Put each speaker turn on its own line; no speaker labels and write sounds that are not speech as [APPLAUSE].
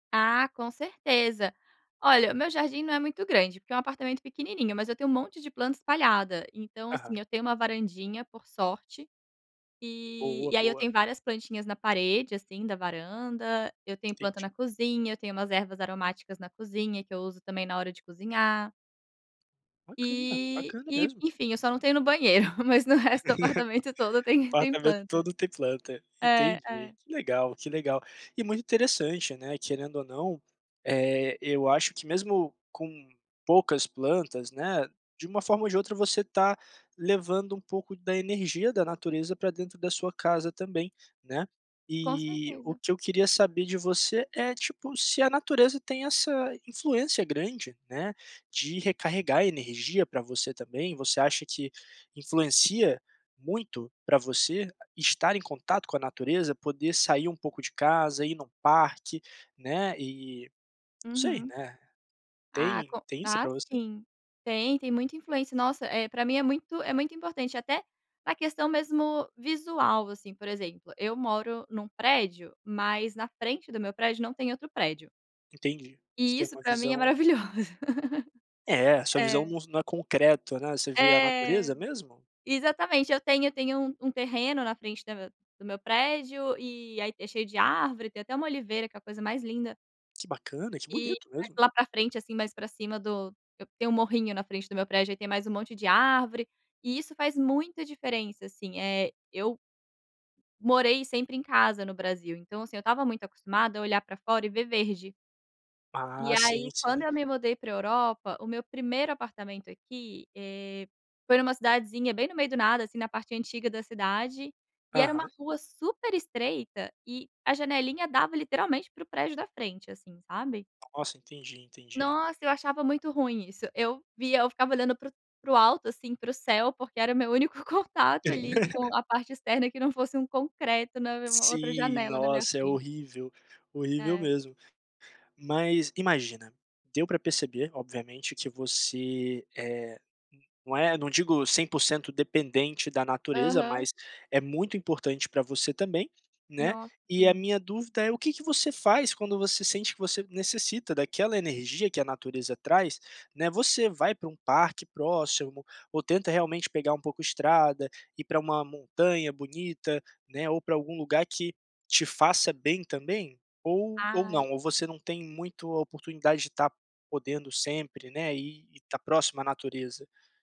Ah, com certeza. Olha, o meu jardim não é muito, grande, porque é um apartamento pequenininho. Mas eu tenho um monte de planta espalhada. Então, assim,
Aham.
eu tenho uma varandinha, por sorte, e
Boa.
e aí eu
Boa.
tenho, várias plantinhas na parede, assim, da varanda. Eu tenho planta
Entendi.
na cozinha. Eu tenho umas ervas aromáticas na cozinha que eu uso também na hora de cozinhar.
Bacana.
E
Bacana,
e
mesmo.
enfim, eu só não tenho no banheiro. Mas no resto do
[CHUCKLES]
apartamento todo tem tem
Apartamento
planta.
todo tem planta.
É.
Entendi.
É.
Que legal. Que legal. E muito interessante, né, querendo ou não, eh, eu acho que mesmo com poucas plantas, né, de uma forma ou de outra você tá levando um pouco da energia da natureza pra dentro da sua casa também, né.
Com
E o
certeza.
que eu queria saber de você é, tipo, se a natureza tem essa influência grande, né, de recarregar energia pra você também? Você acha que influencia muito pra você estar em contato com a natureza? Poder sair um pouco de casa, ir em um parque, né, e não sei,
Uhum.
né.
Ah,
Tem
com
tem isso
ah,
pra você?
sim. Tem tem muita influência. Nossa, eh, pra mim é muito é muito importante até na questão mesmo visual, assim. Por exemplo, eu moro num prédio, mas na frente do meu prédio, não tem outro prédio.
Entendi. Você
E,
tem
isso,
uma
pra mim, é
visão
maravilhoso.
É. A sua visão
É.
nus não é concreto, né. Você vê a natureza,
É.
mesmo?
Exatamente. Eu tenho eu tenho um terreno na frente da do meu prédio e aí é cheio de árvore. Tem até uma oliveira que é a coisa mais linda.
Que bacana. Que
E
bonito,
mais
mesmo.
lá pra frente, assim, mais pra cima do e tem um morrinho na frente do meu prédio. Aí tem mais um monte de árvore e isso faz muita diferença, assim. Eh, eu morei sempre em casa no Brasil. Então, assim, eu estava muito acostumada a olhar pra fora e ver verde. E,
Ah. Sim.
aí, quando
Sim.
eu me mudei para Europa, o meu 1º apartamento aqui, eh, foi numa cidadezinha bem no meio do nada, assim, na parte antiga da cidade. E era uma
Aham.
rua super estreita e a janelinha dava literalmente para o prédio da frente, assim, sabe.
Nossa. Entendi. Entendi.
Nossa, eu achava muito ruim isso. Eu via eu ficava olhando para o para o alto, assim, para o céu, porque era o meu único contato ali
[LAUGHS]
com a parte externa que não fosse um concreto na me outra
Sim.
janela na minha
Nossa, é
frente.
horrível. Horrível
É.
mesmo. Mas imagina, deu pra perceber, obviamente, que você, eh, não é não digo 100 % dependente da natureza,
Aham.
mas é muito importante pra você também, né.
Nossa.
E a
Sim.
minha dúvida é: O que que você faz quando você sente que você necessita daquela energia que a natureza traz, né. Você vai para um parque próximo? Ou tenta realmente pegar um pouco estrada e ir para uma montanha bonita, né? Ou para algum lugar que te faça bem também? Ou ou
Ai...
não, ou você não tem muito a oportunidade de estar podendo sempre, né, e e estar próximo à natureza?